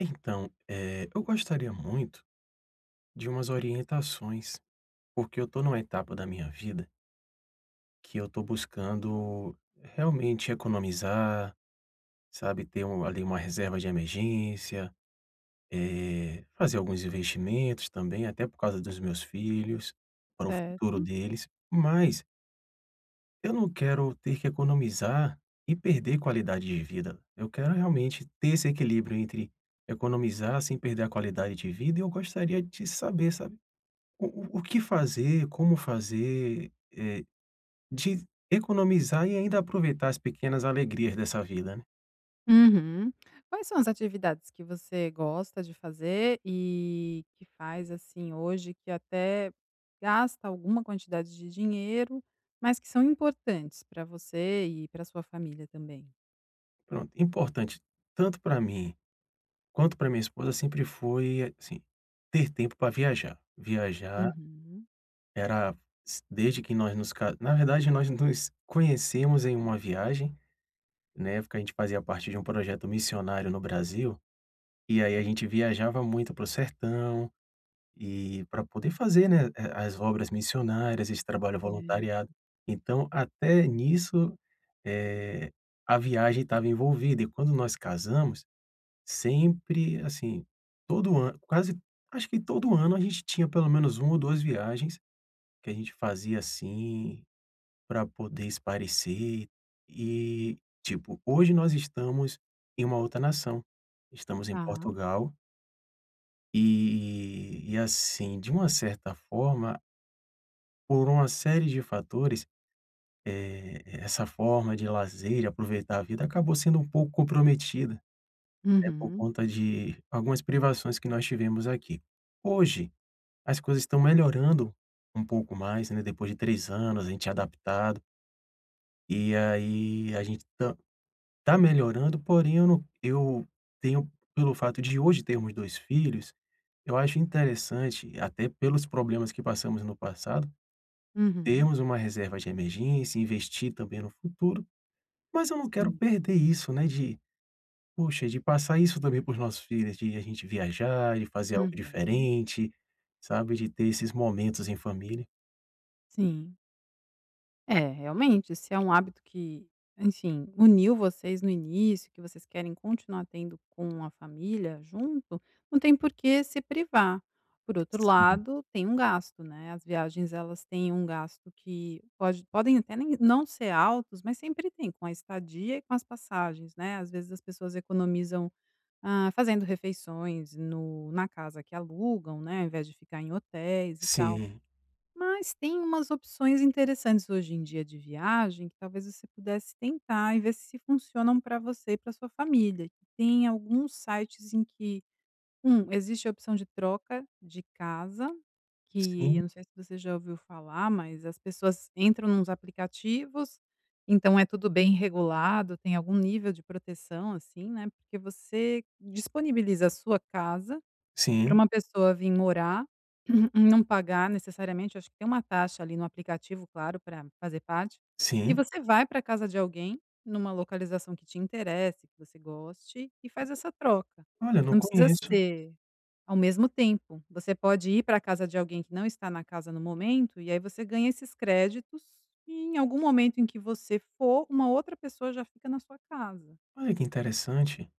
Então, eh, eu gostaria muito de umas orientações, porque eu tô numa etapa da minha vida que eu tô buscando realmente economizar, sabe? Ter um ali, uma reserva de emergência. Eh, fazer alguns investimentos também, até por causa dos meus filhos. Para o futuro Certo. deles. Mas eu não quero ter que economizar, e perder qualidade de vida. Eu quero realmente ter esse equilíbrio entre economizar sem perder a qualidade de vida, e eu gostaria de saber, sabe? O o o que fazer, como fazer, eh, de economizar e ainda aproveitar as pequenas alegrias dessa vida, né? Uhum. Quais são as atividades que você gosta de fazer e que faz, assim, hoje, que até gasta alguma quantidade de dinheiro, mas que são importantes pra você e pra sua família também? Pronto, importante tanto pra mim, quanto pra minha esposa sempre foi, assim, ter tempo pra viajar. Viajar Uhum. era s desde que nós nos ca na verdade nós nos conhecemos em uma viagem. Na época a gente fazia parte de projeto missionário no Brasil, e aí a gente viajava muito para o sertão. E, pra poder fazer, né, eh, as obras missionárias, esse trabalho Certo. voluntariado. Então, até nisso, eh, a viagem estava envolvida, e quando nós casamos, sempre, assim, todo ano quase acho que todo ano a gente tinha pelo menos 1 ou 2 viagens, que a gente fazia, assim, pra poder espairecer. E, tipo, hoje nós estamos em uma outra nação, estamos em Tá. Portugal e, e assim, de uma certa forma por uma série de fatores, eh, essa forma de lazer, de aproveitar a vida, acabou sendo um pouco comprometida, né, por Uhum. conta de algumas privações que nós tivemos aqui. Hoje, as coisas estão melhorando um pouco mais, né, depois de 3 anos, a gente adaptado e aí a gente tam tá melhorando, porém eu não eu tenho, pelo fato de hoje termos 2 filhos, eu acho interessante, até pelos problemas que passamos no passado, Uhum. termos uma reserva de emergência, investir também no futuro. Mas eu não quero Sim. perder isso, né, de, poxa, de passar isso também para os nossos filhos, de a gente viajar, de fazer algo Uhum. diferente, sabe? De ter esses momentos em família. Sim. É, realmente se é um hábito que, enfim, uniu vocês no início, e que vocês querem continuar tendo com a família junto, não tem porquê se privar. Por outro Sim. lado, tem um gasto, né, as viagens, elas têm um gasto que pode podem até nem não ser altos, mas sempre têm com a estadia e com as passagens, né. Às vezes as pessoas economizam, hã, fazendo refeições no na casa que alugam, né, ao invés de ficar em hotéis, e tal. Sim. Mas têm umas opções interessantes, hoje em dia, de viagem que, talvez, você pudesse tentar e ver se funcionam pra você e pra sua família. Tem alguns sites em que: 1 existe a opção de troca de casa, que Sim. eu não sei se você já ouviu falar, mas as pessoas entram em uns aplicativos, então, é tudo bem regulado, tem algum nível de proteção, assim, né, porque você disponibiliza a sua casa pra Sim. uma pessoa vim morar, não pagar necessariamente acho que tem uma taxa ali no aplicativo, claro, pra fazer parte e Sim. você vai pra casa de alguém numa localização que te interesse, que você goste, e faz essa troca. Olha, não Não precisa conheço. ser ao mesmo tempo, você pode ir pra casa de alguém que não está na casa no momento, e aí você ganha esses créditos, e em algum momento em que você for, uma outra pessoa já fica na sua casa. Olha, que interessante!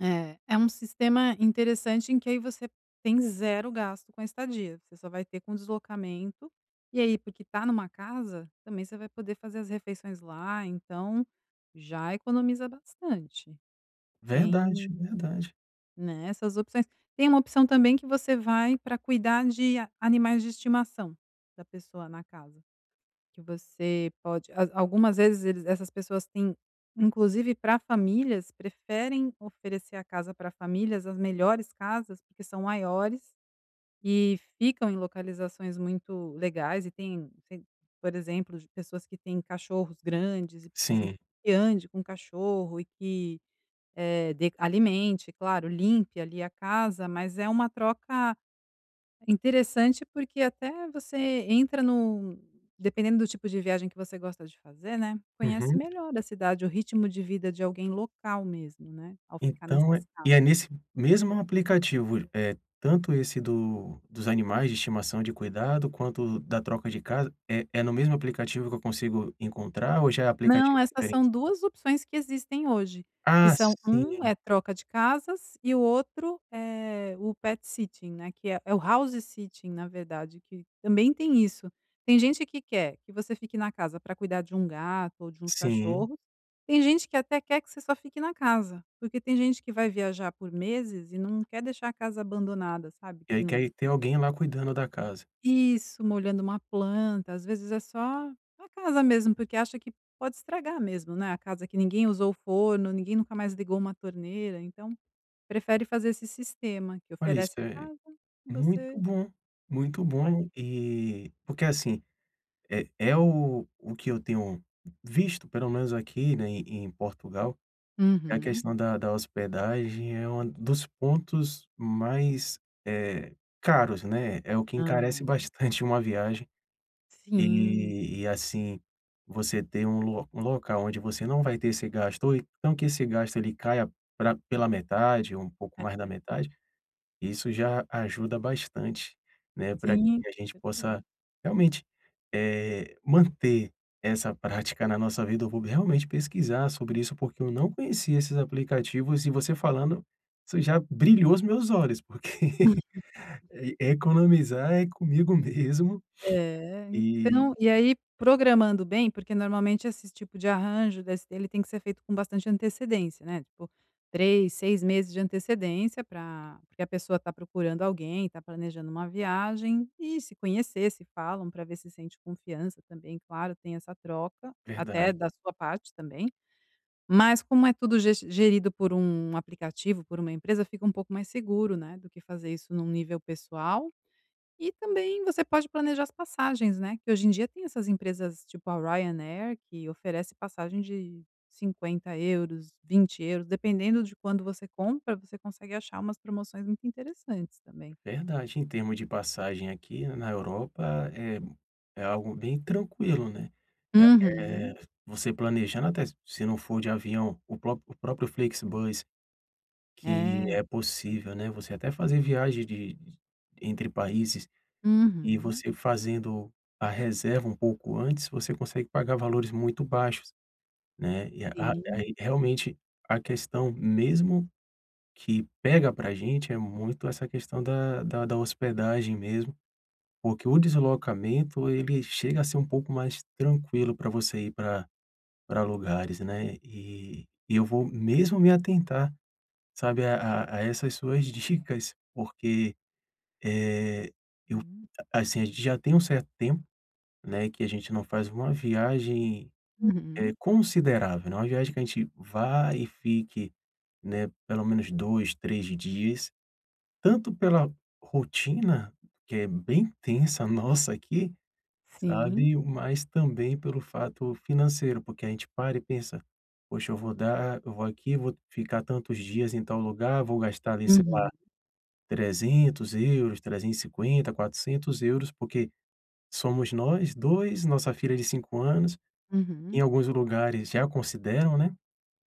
É, é um sistema interessante em que aí você tem 0 gasto com a estadia, você só vai ter com o deslocamento, e aí porque tá numa casa também você vai poder fazer as refeições lá, então já economiza bastante Verdade, tem, verdade. né, essas opções. Tem uma opção também que você vai pra cuidar de a animais de estimação da pessoa na casa, que você pode al algumas vezes eles essas pessoas têm inclusive pra famílias preferem oferecer a casa pra famílias as melhores casas, porque são maiores e ficam em localizações muito legais, e têm por exemplo, de pessoas que têm cachorros grandes e precisam Sim. que ande com cachorro, eh, que de alimente, claro, limpe ali a casa mas é uma troca interessante, porque até você entra num, dependendo do tipo de viagem que você gosta de fazer, né, conhece Uhum. melhor da cidade o ritmo de vida de alguém local mesmo né ao ficar Então, nessas e casas. é nesse mesmo aplicativo, é tanto esse do dos animais de estimação de cuidado quanto o da troca de casa, é é no mesmo aplicativo que eu consigo encontrar ou já é Não aplicativo essas são diferente? 2 opções que existem hoje que Ah, são um sim. é troca de casas e o outro é o Pet Sitting, né, que é é o House Sitting na verdade que também tem isso. Tem gente que quer que você fique na casa pra cuidar de um gato ou de uns Sim. cachorros, tem gente que até quer que você só fique na casa, porque tem gente que vai viajar por meses e não quer deixar a casa abandonada sabe E que aí, que não. aí tem alguém lá cuidando da casa. Isso molhando uma planta às vezes é só a casa mesmo porque acha que pode estragar mesmo, né, a casa que ninguém usou o forno, ninguém nunca mais ligou uma torneira então prefere fazer esse sistema que Olha isso oferece a é, casa e muito você. bom, muito bom, Olha. e porque assim, é é o o que eu tenho visto pelo menos aqui, né, em Portugal, é a Uhum. questão da da hospedagem, é um dos pontos mais, eh, caros, né. É o que encarece Aham. bastante uma viagem, Sim. e e assim, você ter um local onde você não vai ter esse gasto oi então que esse gasto ele caia pra pela metade ou um pouco mais da É. metade, isso já ajuda bastante, né, pra Sim, que a com gente possa certeza. realmente, eh, manter essa prática na nossa vida, eu vou realmente pesquisar sobre isso, porque eu não conhecia esses aplicativos e você falando isso já brilhou os meus olhos porque economizar é comigo mesmo É, e então e aí programando bem porque normalmente esse tipo de arranjo desse dele tem que ser feito com bastante antecedência, né, tipo, 3, 6 meses de antecedência pra porque a pessoa tá procurando alguém e tá planejando uma viagem, e se conhecer se falam pra ver se sente confiança também, claro, tem essa troca até Verdade. da sua parte também. Mas como é tudo ges gerido por um aplicativo por uma empresa fica um pouco mais seguro, né, do que fazer isso num nível pessoal e também você pode planejar as passagens, né, que hoje em dia tem essas empresas tipo a Ryanair que oferece passagem de € 50,00, € 20,00 dependendo de quando você compra você consegue achar umas promoções muito interessantes também. Verdade, em termos de passagem aqui na Europa é é algo bem tranquilo, né. Eh, Uhum. você planejando até se não for de avião, o próprio o próprio Flixbus que É. é [unintelligible] possível, né. Você até fazer viagem de entre países e Uhum. você fazendo a reserva um pouco antes, você consegue pagar valores muito baixos, né. E a a Sim. aí realmente a questão mesmo que pega pra gente é muito essa questão da da da hospedagem mesmo, porque o deslocamento ele chega a ser pouco mais tranquilo pra você ir pra pra lugares, né. E e eu vou mesmo me atentar, sabe, a a a essas suas dicas porque, eh, eu Hum. assim, a gente já tem um certo tempo, né, que a gente não faz uma viagem, eh, Uhum. considerável, eh, uma viagem que a gente vá e fique, né, pelo menos 2, 3 dias, tanto pela rotina, que é bem tensa nossa aqui, Sim. sabe. Mas também pelo fato financeiro, porque a gente para e pensa, poxa eu vou dar, eu vou aqui e vou ficar tantos dias em tal lugar, vou gastar ali sei lá, Uhum. € 300,00, € 350,00, € 400,00 porque somos nós 2, nossa filha de 5 anos, em Uhum. alguns lugares já consideram, né.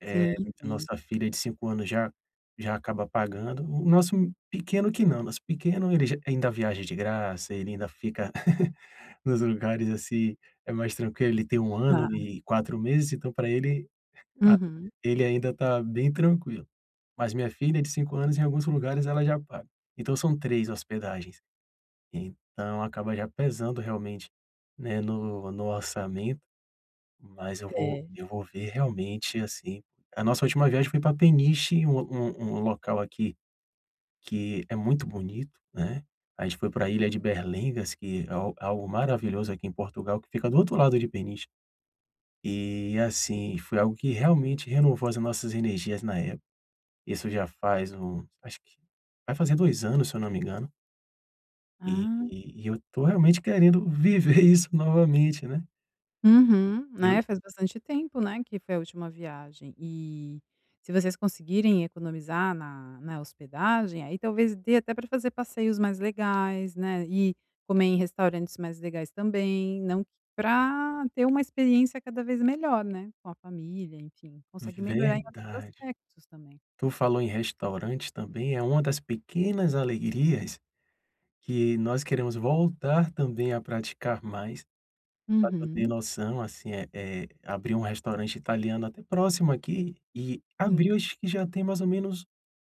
Sim, Eh, sim. nossa filha de 5 anos já já acaba pagando, o nosso pequeno que não, nosso pequeno ele ainda viaja de graça, ele ainda fica nos lugares, assim, é mais tranquilo ele tem 1 ano Tá. e 4 meses então pra ele a Uhum. ele ainda tá bem tranquilo. Mas minha filha de 5 anos em alguns lugares ela já paga. Então são 3 hospedagens, então acaba já pesando realmente, né, no no orçamento, mas eu vou É. eu vou ver realmente, assim, a nossa última viagem foi pra Peniche um um local aqui, que é muito bonito, né. A gente foi pra Ilha de Berlengas que é algo algo maravilhoso aqui em Portugal, que fica do outro lado de Peniche. E assim, foi algo que realmente renovou as nossas energias na época. Isso já faz um acho que, vai fazer 2 anos se eu não me engano e Ah! e eu tô realmente querendo viver isso novamente, né. Uhum, Eu né, faz bastante tempo, né, que foi a última viagem, e se vocês conseguirem economizar na na hospedagem, aí talvez dê até pra fazer passeios mais legais, né, e comer em restaurantes mais legais também, não que pra ter uma experiência cada vez melhor, né, com a família enfim consegue melhorar em outros Verdade. aspectos também. Tu falou em restaurantes também, é uma das pequenas alegrias que nós queremos voltar também a praticar mais, pra tu ter Uhum. noção, assim, eh eh, abriu um restaurante italiano até próximo aqui e Sim. abriu acho que já tem mais ou menos,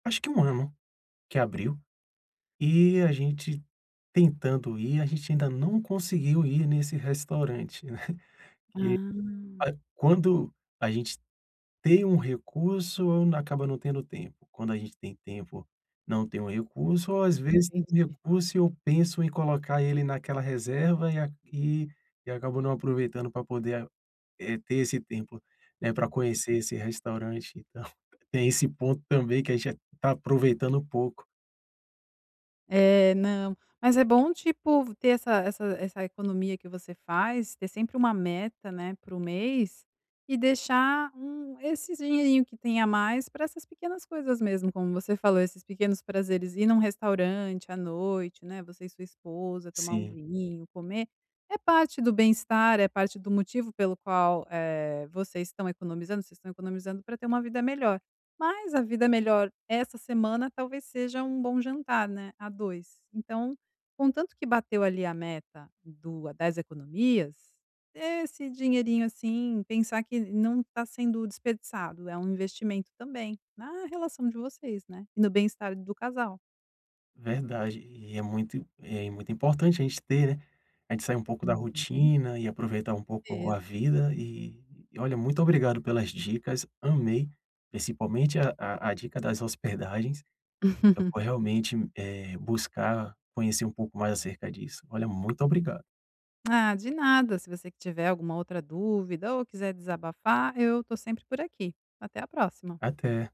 acho que 1 ano, que abriu, e a gente tentando ir, a gente ainda não conseguiu ir nesse restaurante, né. Ah. Que quando a gente tem um recurso acaba não tendo tempo, quando a gente tem tempo não tem o recurso ou às vezes tem Entendi. recurso e eu penso em colocar ele naquela reserva, e aqui e acabou não aproveitando pra poder, eh, ter esse tempo, né, pra conhecer esse restaurante, e tal. Tem esse ponto também que a gente já tá aproveitando pouco. É, não, mas é bom, tipo, ter essa essa essa economia que você faz, ter sempre uma meta, né, para o mês e deixar um esses dinheirinho que tem a mais pra essas pequenas coisas mesmo, como você falou, esses pequenos prazeres, ir num restaurante à noite, né, você e sua esposa, tomar um Sim. vinho, comer, é parte do bem-estar, é parte do motivo pelo qual, eh, vocês estão economizando, vocês estão economizando pra ter uma vida melhor, mas a vida melhor essa semana talvez seja um bom jantar, né, a dois, então, contanto que bateu ali a meta do a das economias, esse dinheirinho, assim, pensar que não está sendo desperdiçado, é um investimento também, na relação de vocês, né, e no bem-estar do casal. Verdade e é muito é muito importante a gente ter, né, a gente sair pouco da Uhum. rotina e aproveitar um pouco Isso. a vida e e olha, muito obrigado pelas dicas, amei, principalmente a a a dica das hospedagens, eu vou realmente, eh, buscar, conhecer um pouco mais acerca disso, olha, muito obrigado. Ah, de nada, se você tiver alguma outra dúvida ou quiser desabafar, eu tô sempre por aqui, até a próxima. Até.